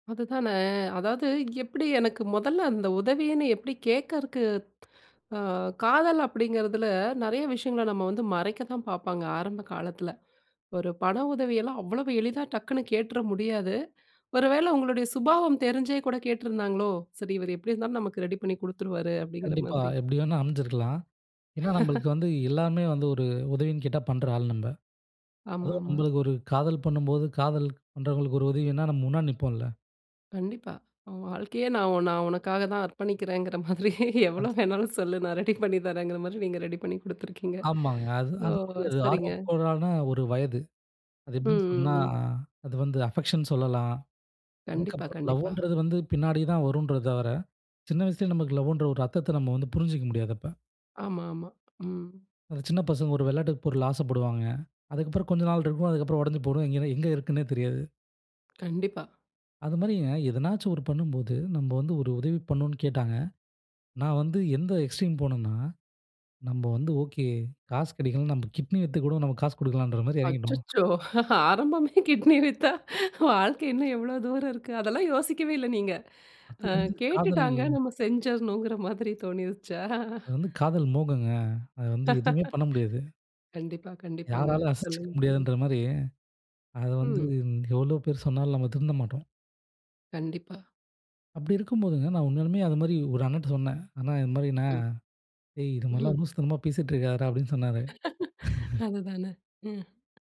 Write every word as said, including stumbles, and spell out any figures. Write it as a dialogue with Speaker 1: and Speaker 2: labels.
Speaker 1: அதுதான! அதாவது எப்டி எனக்கு மொதல்ல அந்த உதவின்னு எப்டி கேட்கறக்கு ஆ காதல் அப்படிங்கிறதில நெறைய விஷயங்கள நம்ம வந்து மறைக்க தான் பார்ப்பாங்க ஆரம்ப காலத்தில. ஒரு பண உதவியெல்லாம் அவ்வளவு எளிதா டக்குனு கேட்டுற முடியாது. ஒருவேள உங்களுடைய சுபாவம் தெரிஞ்சே கூட கேட்டிருந்தாங்களோ? சரி இவர் எப்டி இருந்தாலும் நமக்கு ரெடி பண்ணி குடுத்துருவாரு அப்படிங்கிற
Speaker 2: கண்டிப்பா.
Speaker 1: மாதிரி.
Speaker 2: எப்டி வேணா அமைஞ்சிருக்கலாம். ஏன்னா நம்மளுக்கு வந்து எல்லாருமே வந்து ஒரு உதவின்னு கேட்டா பண்ற ஆள் நம்ப.
Speaker 1: ஆமா
Speaker 2: அதுவும்
Speaker 1: ஆமா.
Speaker 2: நம்மளுக்கு ஒரு காதல் பண்ணும்போது, காதல் பண்றவங்களுக்கு ஒரு உதவின்னா நம்ம முன்னாடி நிப்போம்ல.
Speaker 1: கண்டிப்பா. உன் வாழ்க்கையே நான் நான் உனக்காக தான் அர்ப்பணிக்கிறேங்கிற மாதிரி, எவ்வளோ
Speaker 2: அத்
Speaker 1: வேணாலும் சொல்லு நான் ரெடி பண்ணி தரேன்ங்கிற மாதிரி, நீங்க ரெடி பண்ணி குடுத்துருக்கீங்க.
Speaker 2: ஆமாங்க. அது,
Speaker 1: ஸோ
Speaker 2: அது, அது
Speaker 1: சரிங்க.
Speaker 2: ஆர்வக்கோலான ஒரு வயது. அது
Speaker 1: ம்,
Speaker 2: எப்டின்னு சொன்னா,
Speaker 1: ம், ம்.
Speaker 2: அது வந்து அஃபெக்ஷன் சொல்லலாம்.
Speaker 1: கண்டிப்பா,
Speaker 2: அதுக்கப்புறம்
Speaker 1: கண்டிப்பா.
Speaker 2: லவ்ன்றது வந்து பின்னாடி தான் வரும்ன்ற தவர, சின்ன வயசுலயே நமக்கு லவ்வுன்ற ஒரு அர்த்தத்த நம்ம வந்து புரிஞ்சுக்கிற முடியாது அப்ப.
Speaker 1: ஆமா, ஆமா. ம்.
Speaker 2: அந்த சின்ன பசங்க ஒரு வெளாட்டு பொருளுக்கு ஆசப்படுவாங்க. அதுக்கப்புறம் கொஞ்சம் நாள் இருக்கும். அதுக்கப்புறம் உடைஞ்சு போடும் எங்கனே எங்க இருக்குதுன்னே தெரியாது.
Speaker 1: கண்டிப்பா.
Speaker 2: அது மாதிரிங்க, எதனாச்சும் ஒரு பண்ணும்போது நம்ம வந்து ஒரு உதவி பண்ணணும்னு கேட்டாங்க. நான் வந்து எந்த எக்ஸ்ட்ரீம் போணேன்னா, நம்ம வந்து ஓகே, காசு கெடைக்கலன்னா நம்ம கிட்னி வித்து கூட நம்ம காசு குடுக்கலான்ற மாரி எறங்கிட்டோம்.
Speaker 1: அச்சச்சோ! ஆரம்பமே கிட்னி வித்தா? வாழ்க்கை இன்னும் எவ்ளோ தூரம் இருக்கு! அதெல்லாம் யோசிக்கவே இல்ல நீங்க.
Speaker 2: அது
Speaker 1: ஆ
Speaker 2: வந்து காதல்
Speaker 1: கேட்டுட்டாங்க நம்ம செஞ்சர்னும்ன்கிற மாதிரி தோணிருச்சா?
Speaker 2: அது வந்து காதல் மோகங்க. அது வந்து எதுவுமே பண்ண முடியாது.
Speaker 1: கண்டிப்பா கண்டிப்பாங்க.
Speaker 2: யாராலும் அசைச்சுக்க
Speaker 1: சொல்லுங்க சொல்லுங்க.
Speaker 2: முடியாதுன்ற மாரி, அத வந்து
Speaker 1: ம்.
Speaker 2: எவ்ளோ பேர் சொன்னாலும் நம்ம திருந்த மாட்டோம்.
Speaker 1: கண்டிப்பா.
Speaker 2: அப்டி இருக்கும்போதுங்க நான் உண்மையாலுமே அது மாரி ஒரு அண்ணன்ட்ட சொன்னேன். அண்ணே இது மாரிண்ணே
Speaker 1: ம்.
Speaker 2: டேய் இது மாதிரில்லாம்
Speaker 1: ம்.
Speaker 2: லூசுத்தனமா பேசிட்டு இருக்காதடா அப்டின்னு சொன்னாரு.
Speaker 1: அதுதான! ம்.